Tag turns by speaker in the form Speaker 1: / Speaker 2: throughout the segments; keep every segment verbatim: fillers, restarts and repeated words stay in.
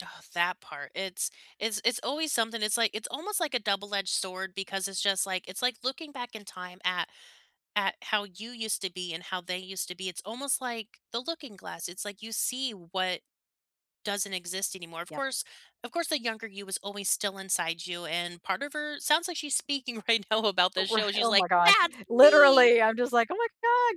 Speaker 1: That part, it's it's it's always something. It's like it's almost like a double-edged sword because it's just like it's like looking back in time at at how you used to be and how they used to be. It's almost like the looking glass, it's like you see what doesn't exist anymore. Of
Speaker 2: Yep.
Speaker 1: course of course, the younger you was always still inside you, and part of her sounds like she's speaking right now about
Speaker 2: Oh
Speaker 1: this
Speaker 2: righ
Speaker 1: show, she's
Speaker 2: oh my
Speaker 1: like,
Speaker 2: god,
Speaker 1: "That's me!"
Speaker 2: literally! I'm just like, "Oh my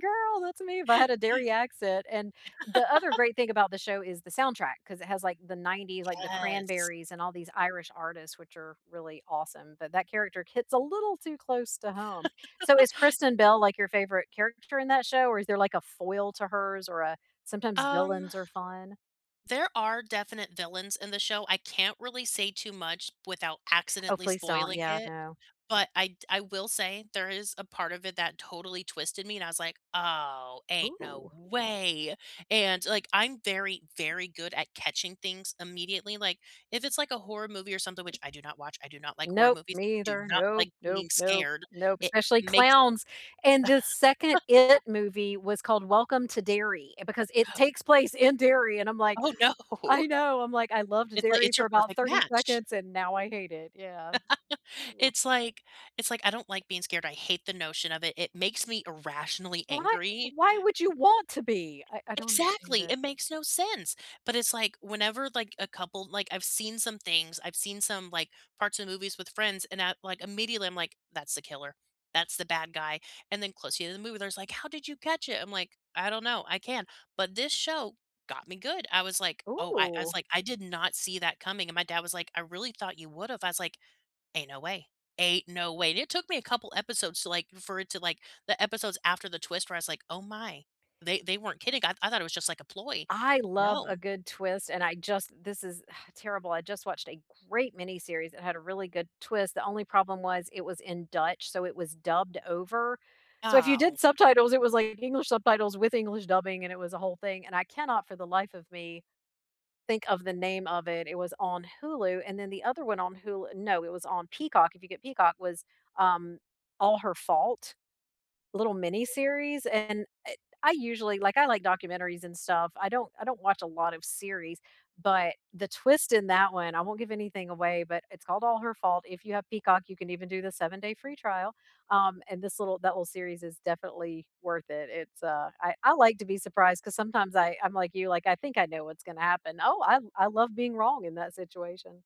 Speaker 2: god, girl! That's me!" if I had a Derry accent, and the other great thing about the show is the soundtrack 'cause it has, like, the nineties, like, The
Speaker 1: Yes.
Speaker 2: Cranberries and all these Irish artists, which are really awesome, but that character hits a little too close to home. So, is Kristen Bell, like, your favorite character in that show, or is there, like, a foil to hers or a sometimes
Speaker 1: Um,
Speaker 2: villains are fun?
Speaker 1: there are definite villains in the show. I can't really say too much without
Speaker 2: Oh,
Speaker 1: accidentally
Speaker 2: please don't,
Speaker 1: spoiling
Speaker 2: yeah,
Speaker 1: it,
Speaker 2: no.
Speaker 1: but I d I will say there is a part of it that totally twisted me, and I was like, "Oh, ain't no
Speaker 2: Ooh.
Speaker 1: way!" And, like, I'm very, very good at catching things immediately, like, if it's, like, a horror movie or something- which I do not watch, I do not like horror
Speaker 2: Nope,
Speaker 1: movies,
Speaker 2: me
Speaker 1: do
Speaker 2: either.
Speaker 1: not
Speaker 2: Nope,
Speaker 1: like
Speaker 2: nope,
Speaker 1: being
Speaker 2: nope,
Speaker 1: scared,
Speaker 2: nope,
Speaker 1: it
Speaker 2: especially
Speaker 1: makes
Speaker 2: clowns! And the second IT movie was called Welcome to Derry because it takes place in Derry, and I'm like
Speaker 1: Oh, no.
Speaker 2: I know, I'm like, "I loved
Speaker 1: It's like
Speaker 2: Derry
Speaker 1: it's your
Speaker 2: for about
Speaker 1: perfect
Speaker 2: thirty
Speaker 1: match!
Speaker 2: seconds, and now I hate it," yeah. Oof.
Speaker 1: It's like it's like I don't like being scared. I hate the notion of it, it makes me irrationally
Speaker 2: Why
Speaker 1: angry.
Speaker 2: why would you want to be? I I don't understand
Speaker 1: Exactly!
Speaker 2: it.
Speaker 1: It makes no sense! But it's like whenever, like, a couple like, I've seen some things, I've seen some, like, parts of movies with friends and at, like immediately, I'm like, "That's the killer. That's the bad guy," and then close to the end of the movie, there's like, "How did you catch it?" I'm like, "I don't know. I can," but this show got me good. I was like, "Oh," I I was
Speaker 2: Ooh.
Speaker 1: like, "I did not see that coming," and my dad was like, "I really thought you would have," I was like, "Ain't no way, ain't no way," and it took me a couple episodes to, like for it to, like the episodes after the twist where I was like, "Oh my, they they weren't kidding," I I thought it was just like a ploy.
Speaker 2: I love a
Speaker 1: No.
Speaker 2: good twist, and I just this is terrible. I just watched a great miniseries, it had a really good twist. The only problem was it was in Dutch, so it was dubbed over. So, if you did
Speaker 1: Ow.
Speaker 2: subtitles, it was like English subtitles with English dubbing, and it was a whole thing, and I cannot for the life of me think of the name of it. It was on Hulu and then the other one on Hul no, it was on Peacock, if you get Peacock, was, um, All Her Fault, little mini-series, and it I usually, like, I like documentaries and stuff. I don't I don't watch a lot of series, but the twist in that one I won't give anything away, but it's called All Her Fault. If you have Peacock, you can even do the seven-day free trial, um, and this little that little series is definitely worth it. It's, uh, I I like to be surprised 'cause sometimes I I'm like you, like, I think I know what's gonna happen. Oh, I I love being wrong in that situation.